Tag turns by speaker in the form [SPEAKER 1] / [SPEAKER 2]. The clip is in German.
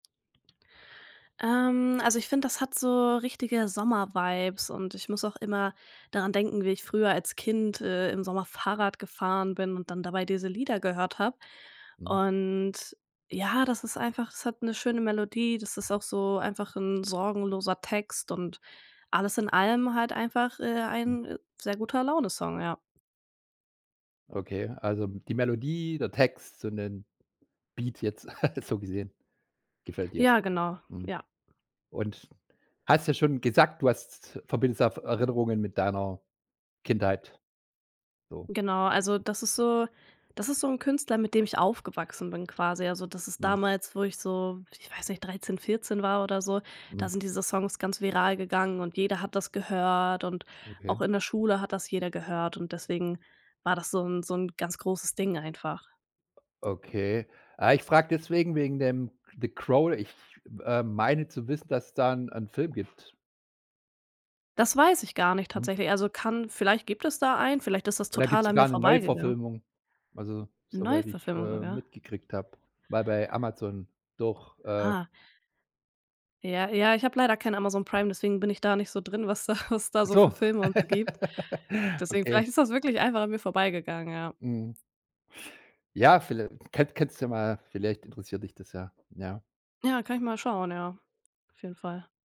[SPEAKER 1] Ähm, also, ich finde, das hat so richtige Sommer-Vibes und ich muss auch immer daran denken, wie ich früher als Kind, äh, im Sommer Fahrrad gefahren bin und dann dabei diese Lieder gehört habe.
[SPEAKER 2] Mhm.
[SPEAKER 1] Und, ja, das ist einfach das hat 'ne schöne Melodie, das ist auch so einfach 'n sorgenloser Text und alles in allem halt einfach, äh,
[SPEAKER 2] Mhm.
[SPEAKER 1] ein Sehr-Guter-Laune-Song, ja.
[SPEAKER 2] Okay, also, die Melodie, der Text und der Beat jetzt, halt so gesehen, gefällt dir.
[SPEAKER 1] Ja, genau,
[SPEAKER 2] Mhm.
[SPEAKER 1] ja.
[SPEAKER 2] Und, hast ja schon gesagt, du hast verbindest f äh, Erinnerungen mit deiner Kindheit so.
[SPEAKER 1] Genau. Also, das ist so das ist so 'n Künstler, mit dem ich aufgewachsen bin quasi. Also, das ist
[SPEAKER 2] Mhm.
[SPEAKER 1] damals, wo ich so, ich weiß nicht, 13, 14 war oder so, da
[SPEAKER 2] Mhm.
[SPEAKER 1] sind diese Songs ganz viral gegangen und jeder hat das gehört und auch
[SPEAKER 2] Okay.
[SPEAKER 1] in der Schule hat das jeder gehört und deswegen war das so 'n so 'n ganz großes Ding einfach.
[SPEAKER 2] Okay. Ah, ich frage deswegen wegen dem „The Crow.” Ich, äh, meine zu wissen, dass es da 'n 'n Film gibt.
[SPEAKER 1] Das weiß ich gar nicht
[SPEAKER 2] Mhm.
[SPEAKER 1] tatsächlich. Also, kann vielleicht gibt es da einen, vielleicht ist das
[SPEAKER 2] Und da gibt's
[SPEAKER 1] total an mir
[SPEAKER 2] sogar 'ne
[SPEAKER 1] vorbeigegangen.
[SPEAKER 2] Neuverfilmung. Also,
[SPEAKER 1] 'Ne
[SPEAKER 2] soweit ich,
[SPEAKER 1] Neuverfilmung
[SPEAKER 2] äh,
[SPEAKER 1] sogar?
[SPEAKER 2] mitgekriegt habe, war bei Amazon doch, äh.
[SPEAKER 1] Ah. Ja, ja, ich habe leider kein Amazon Prime, deswegen bin ich da nicht so drin, was da was da
[SPEAKER 2] Ach
[SPEAKER 1] so für
[SPEAKER 2] so.
[SPEAKER 1] Filme und so gibt. Deswegen,
[SPEAKER 2] Okay.
[SPEAKER 1] vielleicht ist das wirklich einfach an mir vorbeigegangen, ja.
[SPEAKER 2] Mhm. Ja, viellei kann kannst ja mal vielleicht interessiert dich das ja, ja.
[SPEAKER 1] Ja, kann ich mal schauen, ja. Auf jeden Fall.